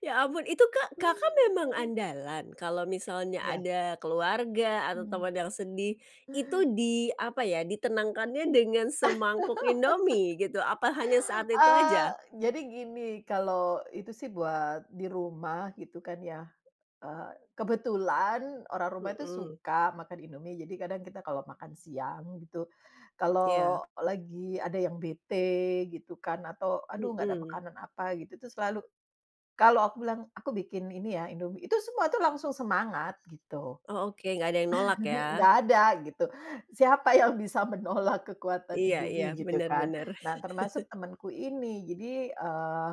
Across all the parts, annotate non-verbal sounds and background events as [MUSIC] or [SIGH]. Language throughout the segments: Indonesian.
Ya ampun itu Kak, Kakak memang Mhm. andalan? Kalau misalnya Ya. ada keluarga atau Hmm. teman yang sedih, itu di, apa ya, ditenangkannya dengan semangkuk [LAUGHS] Indomie gitu? Apa hanya saat itu Eee, aja? jadi gini, kalau itu sih buat di rumah gitu kan ya. Eee, kebetulan orang rumah itu Mhm. suka makan Indomie, jadi kadang kita kalau makan siang gitu, kalau Iya. lagi ada yang bete gitu kan atau aduh nggak ada Mhm. makanan apa gitu, itu tuh selalu kalau aku bilang, aku bikin ini ya indomie, itu semua tuh langsung semangat, gitu. Oh oke, nggak ada yang nolak [CHUCKLES] ya? Nggak ada gitu, siapa yang bisa menolak kekuatan Iya iya, Indomie, gitu benar kan. benar. Nah [CHUCKLES] termasuk temanku ini, jadi, eee,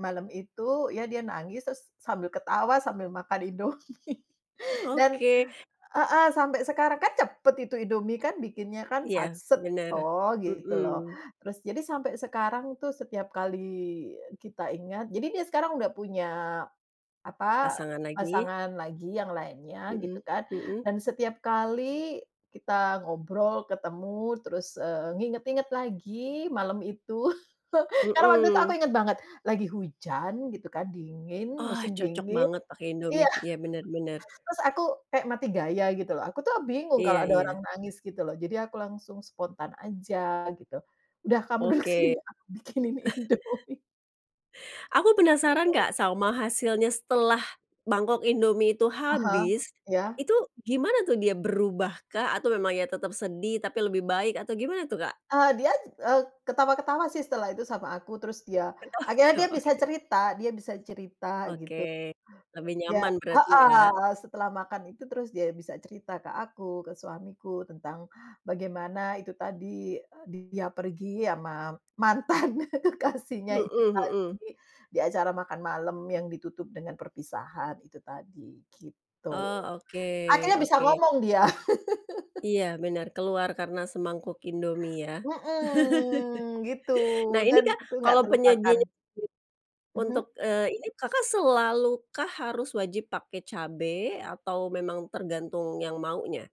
malam itu ya dia nangis terus sambil ketawa sambil makan Indomie dan Oke. heeh, sampai sekarang kan cepet itu Indomie kan, bikinnya kan, sat Iya, set benar. toh gitu loh, Mhm. terus jadi sampai sekarang tuh setiap kali kita ingat jadi dia sekarang udah punya, apa, Pasangan lagi. pasangan lagi yang lainnya gitu Mhm, kan, mhm. dan setiap kali kita ngobrol, ketemu, terus, eee, nginget-nginget lagi malam itu, [CHUCKLES] karena waktu itu aku Mhm. inget banget lagi hujan, gitu kan, dingin, Ah musim cocok dingi banget pake iya, Indomie. Iya, benar benar. [CHUCKLES] terus aku kaya mati gaya gitu loh. Aku tuh bingung kalau Iya ada orang iya. nangis gitu loh, jadi aku langsung spontan aja gitu. Udah kamu duduk sini, Oke. aku bikinin Indomie. [COUGHS] [INHALES] Aku penasaran Kak sama hasilnya setelah mangkok Indomie itu Ah hah. habis, Iya. itu gimana tuh dia berubah kah atau memang ya tetap sedih tapi lebih baik atau gimana tuh Kak? Eee, diaj e ketawa-ketawa sih setelah itu sama aku, terus dia Oh, akhirnya dia o bisa oke. cerita dia bisa cerita, Oke. gitu. Lebih Ya nyaman berarti ya? heeh, setelah makan itu terus dia bisa cerita ke aku, ke suamiku, tentang bagaimana itu tadi, dia pergi sama mantan kekasihnya itu Mhm mhm. tadi, di acara makan malam yang ditutup dengan perpisahan itu tadi, gitu. Oh, oke, Akhirnya bisa oke. ngomong dia. [LAUGHS] Iya benar, keluar karena semangkuk Indomie ya. Mhm gitu [LAUGHS] Nah ini dan Kak, itu nggak kalo terlupakan. penyajian Mhm. untuk, eee, ini, Kakak selalu kah harus wajib pake cabe atau memang tergantung yang maunya?